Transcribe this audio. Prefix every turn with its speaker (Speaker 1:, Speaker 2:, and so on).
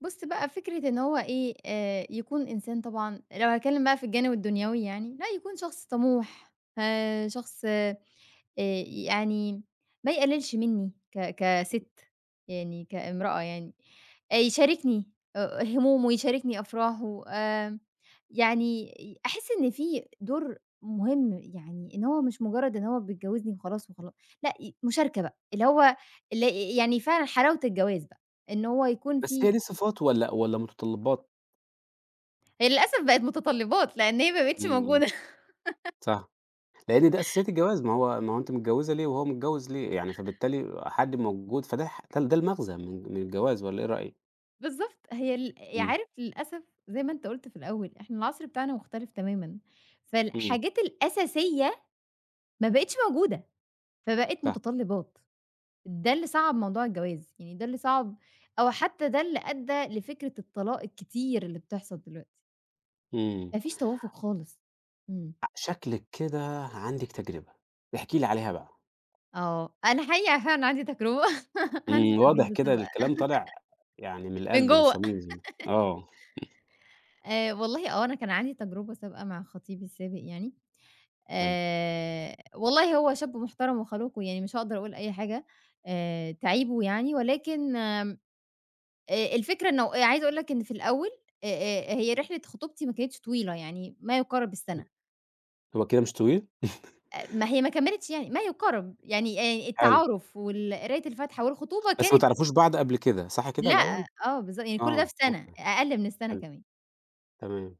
Speaker 1: بُص بقى فكرة إن هُو إيه آآ، يكون إنسان طبعًا لو هاتكلّم بقى في الجانب الدنيوي يعني لأ، يكون شخص طَموح آآ، شخص آآ، يعني ما يقلِّلش مني ك
Speaker 2: امم.
Speaker 1: كسِت يعني كإمرأة يعني، أ يشاركني أ همومه ويشاركني أفراحه آمم، يعني ي أحِس إن في دور مهم، يعني إن هو مش مجرّد إنه هو بيتجوّزني وخلاص وخلا لأ ي مشاركة بقى اللي هو اللي ي يعني فعلًا حلاوة الجواز بقى، إن هو يكون
Speaker 2: بس
Speaker 1: في
Speaker 2: هي صِفات والّا والّا متطلّبات؟
Speaker 1: هي للأسف بقِت متطلّبات لأن هي ما بقِتش
Speaker 2: إمم.
Speaker 1: موجودة
Speaker 2: صح. لأن دي أساسيّات الجواز، ما هو ما هو أنتِ متجوّزة ليه وهو متجوّز ليه؟ يعني فبالتالي حد موجود فده ح ده ده المغزى من من الجواز والّا إيه رأيِك؟
Speaker 1: بالضبط، هي ال ي
Speaker 2: إمم.
Speaker 1: عارف، للأسف زي ما أنت قُلت في الأول، إحنا العصْر بتاعنا مختلِف تمامًا،
Speaker 2: إمم.
Speaker 1: فالحاجات الأساسية ما بقِتش موجودة، فبقِت
Speaker 2: صح.
Speaker 1: متطلّبات، ده اللي صعّب موضوع الجواز، يعني ده اللي صعّب، أو حتى ده اللي أدّى لفكرة الطلاق الكتير اللي بتحصَل دلوقتي
Speaker 2: إمم.
Speaker 1: ما فيش توافُق خالص، إمم.
Speaker 2: شكْلِك كده عندِك تجربة، احكِ لي عليها بقى.
Speaker 1: آه، أنا حقيقة فعلًا عندي تجربة عندي
Speaker 2: امم، واضح
Speaker 1: تجربة
Speaker 2: كده
Speaker 1: سابقة
Speaker 2: الكلام طالِع يعني من
Speaker 1: من
Speaker 2: القلب
Speaker 1: جوَّه
Speaker 2: والصميم زي م آه
Speaker 1: آآ والله آه، أنا كان عندي تجربة سابقة مع خطيبي السابق يعني
Speaker 2: حلو.
Speaker 1: آآ، والله هو شاب محترَم وخلوق ويعني مش هاقدَر أقول أي حاجة آآ تعيبه يعني ولكن آمم، آآ، الفكرة إن عايزة أقول لك إن في الأول أ أ هي رحلة خطوبتي ما كانتش طويلة يعني ما يقارِب
Speaker 2: امم.
Speaker 1: السنة.
Speaker 2: هو كده مش طويل؟
Speaker 1: أ أ ما هي ما كمِّلِتش يعني، ما يقارِب، يعني آآ
Speaker 2: حلو.
Speaker 1: التعارُف وال قراية الفاتحة والخطوبة
Speaker 2: بس ما
Speaker 1: كانت
Speaker 2: تعرفوش بعض قبْل كده، صح كده الأول؟
Speaker 1: لأ، آه، بالض يعني كلّ ده
Speaker 2: آه،
Speaker 1: في سنة،
Speaker 2: أوكي،
Speaker 1: أقل من السنة
Speaker 2: حلو.
Speaker 1: كمان.
Speaker 2: تمام.